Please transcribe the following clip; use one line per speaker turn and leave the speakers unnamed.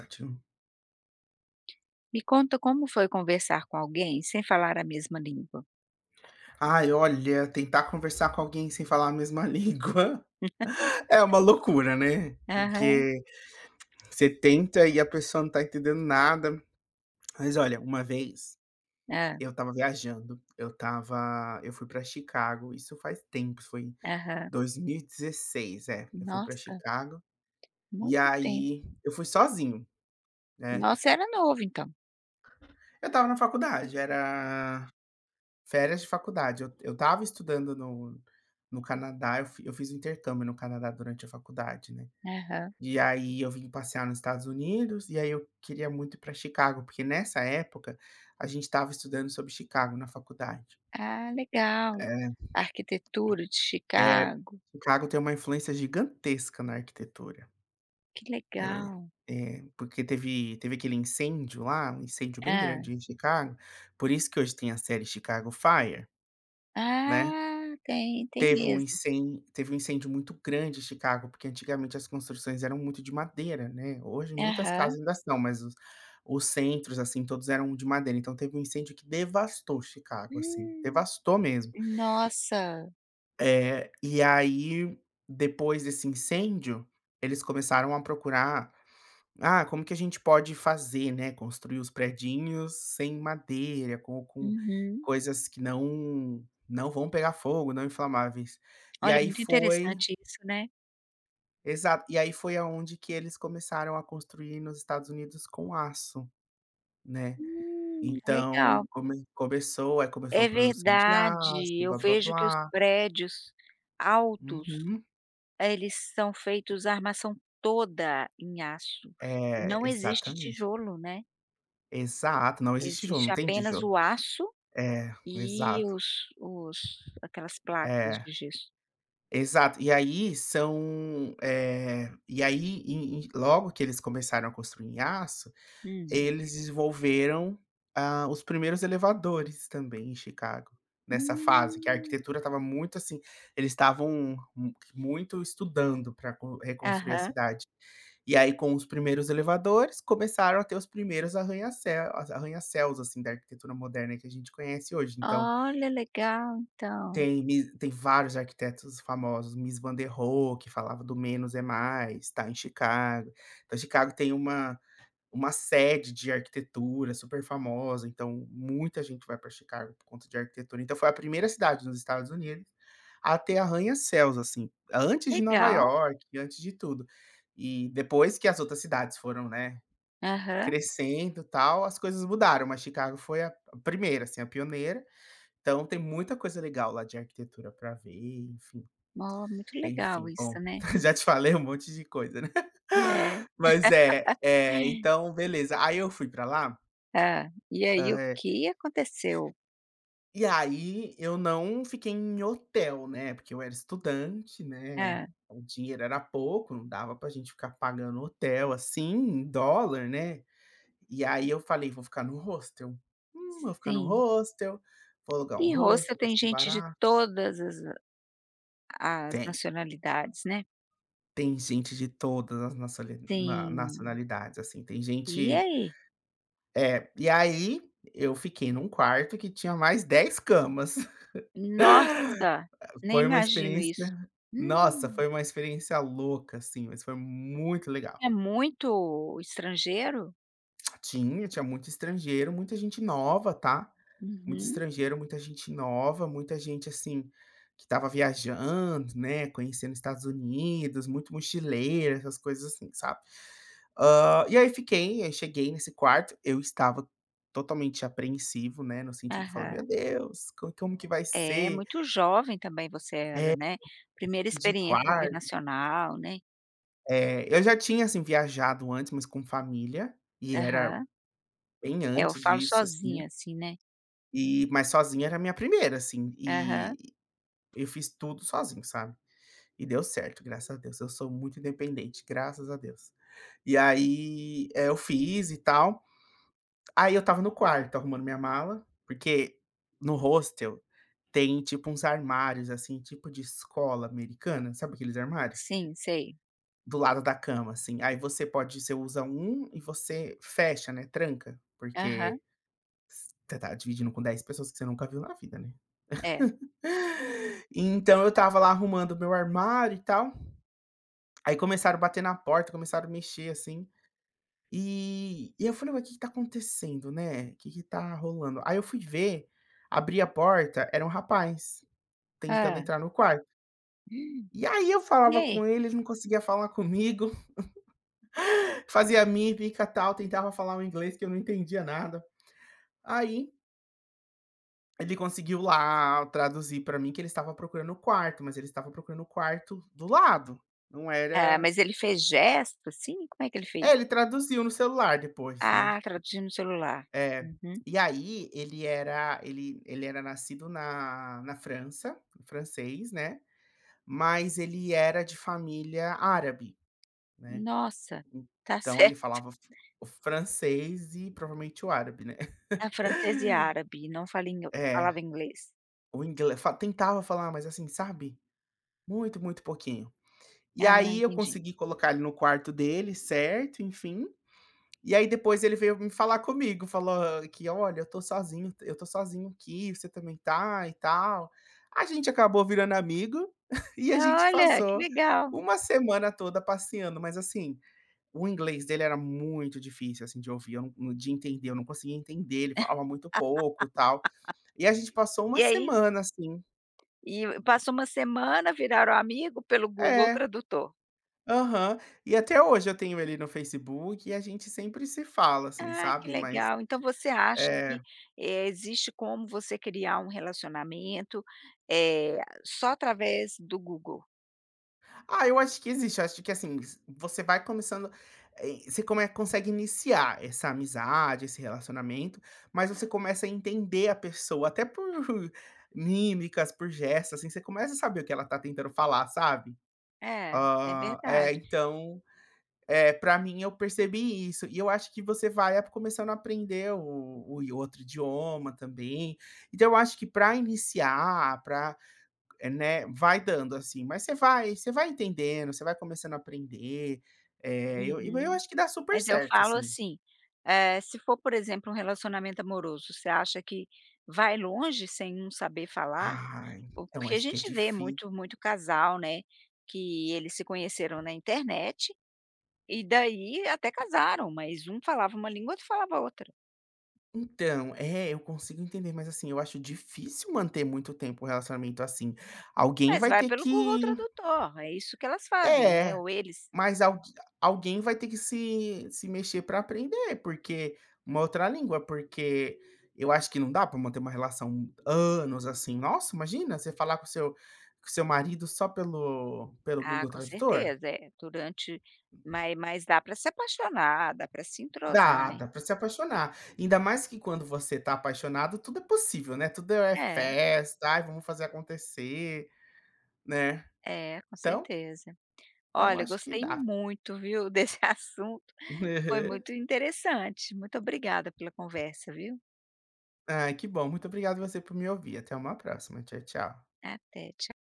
[unintelligible]
Me conta como foi conversar com alguém sem falar a mesma língua?
Ai, olha, tentar conversar com alguém sem falar a mesma língua, é uma loucura, né.
Aham.
Porque você tenta e a pessoa não está entendendo nada. Mas, olha, uma vez,
Hã.
eu estava viajando, eu estava eu fui para Chicago, isso faz tempo, foi em
Aham.
2016. É, eu fui para
Nossa,
Chicago, e
muito tempo.
aí eu fui sozinho, né.
Nossa, era novo então.
Eu estava na faculdade, era férias de faculdade. Eu eu estava estudando no no Canadá. Eu eu fiz intercâmbio no Canadá durante a faculdade, né.
Aham.
E aí eu vim passear nos Estados Unidos, e aí eu queria muito ir para Chicago porque, nessa época, a gente estava estudando sobre Chicago na faculdade.
Ah legal,
É.
arquitetura de
É,
Chicago.
Chicago tem uma influência gigantesca na arquitetura.
Que
É,
legal.
é, porque teve teve aquele incêndio lá, um incêndio bem grande
Hã.
em Chicago, por isso que hoje tem a série Chicago Fire.
Ah.
Né.
Tem, tem
Teve um
mesmo.
incên teve um incêndio muito grande em Chicago, porque antigamente as construções eram muito de madeira, né, hoje muitas
Aham.
casas ainda são, mas os os centros assim, todos eram de madeira. Então teve um incêndio que devastou Chicago, assim,
Hum.
devastou mesmo.
Nossa!
Eh, e aí depois desse incêndio, eles começaram a procurar, "Ah, como que a gente pode fazer, né, construir os predinhos sem madeira, com com
Uhum.
coisas que não não vão pegar fogo, não inflamáveis", e
Olha
aí
muito
foi
interessante isso, né?
Exato, e aí foi aonde que eles começaram a construir nos Estados Unidos com aço, né.
Hum, tá
Então
legal.
come começou, aí, começou
É
a produção de aço,
verdade, eu vejo que os
blá-blá-blá.
prédios altos,
Uhum.
eh, eles são feitos a armação toda em aço e
É,
não existe
exatamente.
tijolo, né.
Exato, não existe tijolo,
Existe
não tem
apenas
tijolo.
o aço
É,
e
exato.
os os aquelas placas
É,
de gesso.
exato, e aí são, eh, e aí e e logo que eles começaram a construir em aço,
Hum.
eles desenvolveram, hã, os primeiros elevadores, também, em Chicago, nessa fase que a
Hum.
arquitetura estava muito, assim, eles estavam mu muito estudando pra con reconstruir a
Aham.
cidade. E aí, com os primeiros elevadores, começaram a ter os primeiros arranha-céu arranha-céus assim, da arquitetura moderna que a gente conhece hoje, então
Olha, legal então.
Tem mi tem vários arquitetos famosos, Mies Van der Rohe, que falava do menos é mais, tá em Chicago. Então Chicago, tem uma uma sede de arquitetura super famosa, então muita gente vai pra Chicago por conta de arquitetura, então foi a primeira cidade nos Estados Unidos, a ter arranha-céus, assim, antes de Nova
Legal.
Iorque, e antes de tudo, eh, depois que as outras cidades foram, né,
Aham.
crescendo e tal, as coisas mudaram, mas Chicago foi a primeira, assim, a pioneira. Então, tem muita coisa legal, lá de arquitetura pra ver e enfim,
Mo muito legal
enfim,
isso,
bom,
né.
já te falei um monte de coisa, né.
É.
Mas é, eh, então beleza, aí eu fui pra lá
Hã, e aí
Hã,
o
é
que aconteceu?
E aí, eu não fiquei em hotel, né, porque eu era estudante, né,
Hã.
o dinheiro era pouco, não dava pra gente ficar pagando hotel, assim, em dólar né, e aí eu falei vou ficar no hostel. Hum, vou ficar no
Sim.
hostel, vou alugar um
E Hostel
hostel, vai
tem
ser
gente de
barato.
todas as a as
Tem.
nacionalidades, né.
Tem gente de todas as nacioli na
Tem.
nacionalidades, assim, tem
E
gente,
aí?
eh, e aí, eu fiquei num quarto, que tinha mais 10 camas.
Nossa,
Eh,
nem
foi uma
imagino
experiência
isso.
nossa,
Hum.
foi uma experiência louca, assim, mas foi muito legal.
É muito, estrangeiro?
Tinha, tinha muito estrangeiro, muita gente nova, tá. Muito
Uhum.
estrangeiro, muita gente nova, muita gente, assim, que estava viajando, né, conhecendo Estados Unidos, muito mochileira, essas coisas, assim, sabe. Hã, e aí fiquei, aí cheguei nesse quarto, eu estava totalmente apreensivo, né, no sentido de falar: "Meu
Aham.
Deus, como como que vai
É,
ser?".
muito jovem também você
É,
era, né.
[unintelligible]
1ª
de
experiência
quar
internacional, né.
É. Eu já tinha, assim, viajado antes, mas com família e era
Aham.
bem
É, eu
antes
falo,
disso, assim
sozinha, assim, né.
e, mas sozinha era a minha 1ª, assim,
Aham.
e eu fiz tudo sozinho, sabe. E deu certo, graças a Deus, eu sou muito independente, graças a Deus. E aí, eu fiz e tal. Aí eu estava no quarto, estava arrumando minha mala, porque, no hostel, tem tipo uns armários, assim, tipo de escola americana, sabe, aqueles armários?
Sim, sei.
Do lado da cama, assim, aí você pode você usa um e você fecha, né, tranca, porque
Aham.
s você tá dividindo com 10 pessoas que você nunca viu na vida, né.
É.
Então eu estava lá arrumando o meu armário e tal, aí começaram a bater na porta, começaram a mexer, assim, e e eu falei: "O que que está acontecendo, né, que que tá rolando?", aí eu fui ver, abri a porta, era um rapaz tentando
Hã.
entrar no quarto e aí eu
E
falava
aí?
com ele, ele não conseguia falar comigo. Fazia mímica, tal, tentava falar o inglês, que eu não entendia nada Aí Ele conseguiu lá traduzir para mim que ele estava procurando o quarto, mas ele estava procurando o quarto do lado, não
É.
era
Mas ele fez gesto, assim, como é que ele
É,
fez?
ele traduziu no celular depois, né.
Ah, traduziu no celular,
É,
uhum.
e aí ele era, ele ele era nascido na na França, francês né, mas ele era de família árabe, né,
Nossa, tá
então ele
certo.
falava o f o francês e provavelmente o árabe né.
Era Francês e Árabe, não fale ingl não
É,
falava inglês.
o ingle fa tentava falar, mas, assim, sabe, muito, muito pouquinho. E
Ah,
aí eu
entendi.
consegui colocar ele no quarto dele certo, enfim, e aí depois ele veio me falar comigo, falou que: "Olha, eu estou sozinho eu estou sozinho aqui, você também está", e tal. A gente acabou virando amigo, e a gente
Olha que
passou
legal!
1 semana toda passeando. Mas, assim, o inglês dele era muito difícil, assim, de ouvir. Eu não nã de entender, eu não conseguia entender, ele falava muito pouco e tal. E a gente passou 1
E aí
semana assim.
E e passou 1 semana, viraram amigo pelo Google
É,
tradutor.
aham. E até hoje eu tenho ele no Facebook e a gente sempre se fala, assim,
Ah, que
sabe, mas
legal. Então você acha
É.
que, eh, existe como você criar um relacionamento, eh, só através do Google?
Ah, eu acho que existe acho que, assim, zi você vai começando, eh, você come consegue iniciar essa amizade, esse relacionamento, mas você começa a entender a pessoa até por mímicas, por gestos, assim, você começa a saber o que ela tá tentando falar, sabe?
É, é
Hã, eh,
verdade.
então, para mim, eu percebi isso. E eu acho que você vai a começando a aprender o e o outro idioma também, então eu acho que, para iniciar, pra, né, vai dando, assim, mas você vai você vai entendendo, você vai começando a aprender, eh, eu e eu
Uhum.
acho que dá super
Mas eu
certo,
falo
assim.
assim, eh, se for, por exemplo, um relacionamento amoroso, você acha que vai longe, sem não saber falar?
Ai,
O
então
que a
acho que é
gente vê
difí
muito muito casal, né, que eles se conheceram na internet. E daí até casaram, mas um falava uma língua outro falava outra.
Então, é, eu consigo entender, mas, assim, eu acho difícil manter muito tempo um relacionamento assim. Alguém
Mas
vai
vai
ter
pelo Google
que
tradutor é isso que elas fazem, né,
É,
ou eles.
mas al alguém vai ter que se se mexer para aprender porque uma outra língua, porque eu acho que não dá para manter uma relação anos assim. Nossa, imagina você falar com o seu com o seu marido só pelo pelo
Ah,
Google
com
Tradutor?
certeza. É, durante ma mas dá para se apaixonar, dá para se entrosar,
Dá,
né.
dá pra se apaixonar. Ainda mais que quando você está apaixonado tudo é possível, né, tudo é
É.
festa, ai vamos fazer acontecer, né.
É, com
Então
certeza.
então
Olha,
acho que
gostei
dá.
muito viu, desse assunto, foi
Aham.
muito interessante, muito obrigada pela conversa, viu.
Ah que bom, muito obrigado você por me ouvir, até uma próxima, tchau tchau.
Até, tcha